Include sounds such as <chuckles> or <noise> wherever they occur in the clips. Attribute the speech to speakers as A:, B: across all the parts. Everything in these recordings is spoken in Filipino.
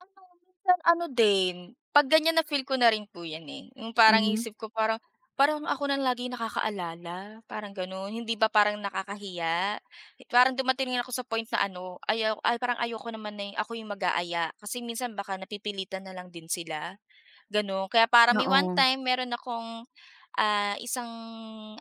A: Ano minsan ano din, pag ganyan na feel ko na rin po yan, eh, yung parang
B: Mhm.
A: isip ko parang parang ako lang lagi nakaka-alala parang ganon, hindi ba parang nakakahiya? Parang dumating ako sa point na ano ayaw ay parang ayoko naman na ako yung mag-aaya kasi minsan baka napipilitan na lang din sila, ganun kaya parang may one
B: Oo.
A: time meron akong, ah, isang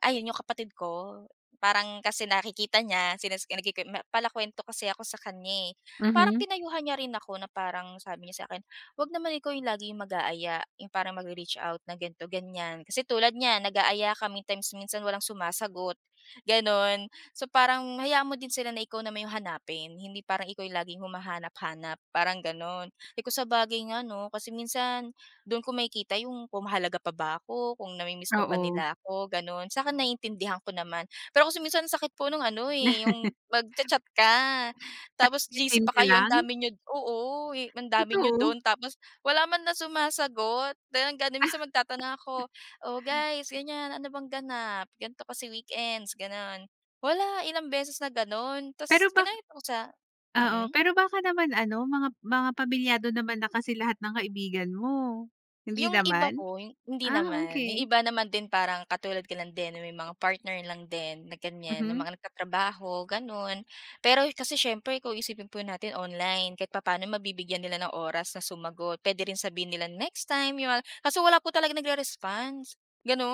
A: ayun yung kapatid ko, parang kasi nakikita niya sinas nagkikim pala kuwento kasi ako sa kanya, eh. Parang
B: Mhm.
A: pinayuhan niya rin ako na parang sabi niya sa akin, "Huwag naman ikaw yung lagi mag-aaya, yung parang mag-re-reach out na ganito ganyan kasi tulad niyan nag-aaya ka may times minsan walang sumasagot" Ganon. So parang hayaan mo din sila na ikaw na may yung hanapin, hindi parang ikaw yung laging humahanap-hanap parang ganon. Eh, kung sabagay nga no, kasi minsan dun ko makikita yung kung mahalaga pa ba ako, kung na mi-miss pa ba
B: Oo.
A: nila ako, ganon, sakin naiintindihan ko naman pero kasi kung minsan sakit po nung ano, eh, yung mag cha-chat ka
B: <chuckles> Tapos
A: tapos GC
B: se-seen
A: pa
B: ka
A: kayo ang
B: lang?
A: dami niyo oo ang dami niyo
B: Totoo?
A: dun tapos wala manlang sumasagot dahil nga din
B: Ah.
A: minsan magtatanong ako, "O
B: <chuckles>
A: guys ganyan, ano bang ganap? Ganto kasi weekends" Ganun wala ilang beses na ganon
B: Pero
A: tapos
B: ba
A: kinaya ko sa
B: oo
A: mm.
B: pero baka naman ano, mga mga pamilyado naman na kasi lahat ng kaibigan mo, hindi
A: Yung iba
B: naman?
A: po hindi
B: Ah
A: naman, yung
B: okey.
A: iba naman din parang katulad ko lang din na may mga partner lang din na ganyan na
B: Mhm.
A: mga nag-tatrabaho ganon. Pero kasi siyempre ikaw isipin po natin online kahit papaano mabibigyan nila ng oras na sumagot pwede rin sabihin nilang next time yun, kaso wala po talaga nagre-response,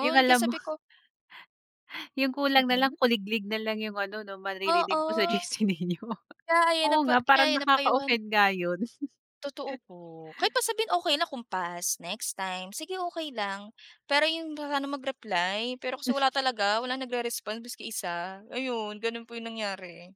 B: Yung
A: kaya
B: alam mo
A: sabi ko
B: <chuckles> Yung kulang
A: Mm.
B: nalang kuliglig nalang yung ano no,
A: Oo,
B: maririnig mo sa GC ninyo
A: kaya ayun
B: oo
A: po
B: nga parang
A: kaya
B: nakaka
A: na-payuhan
B: offend nga yun.
A: Totoo po kahit pa
B: <chuckles>
A: sabihin okey lang kung pass, next time, sige okey lang pero 'yong paano mag-reply, pero kasi
B: M
A: wala talaga, walang nag-re-response maski isa ayun gano'n po yong nangyari.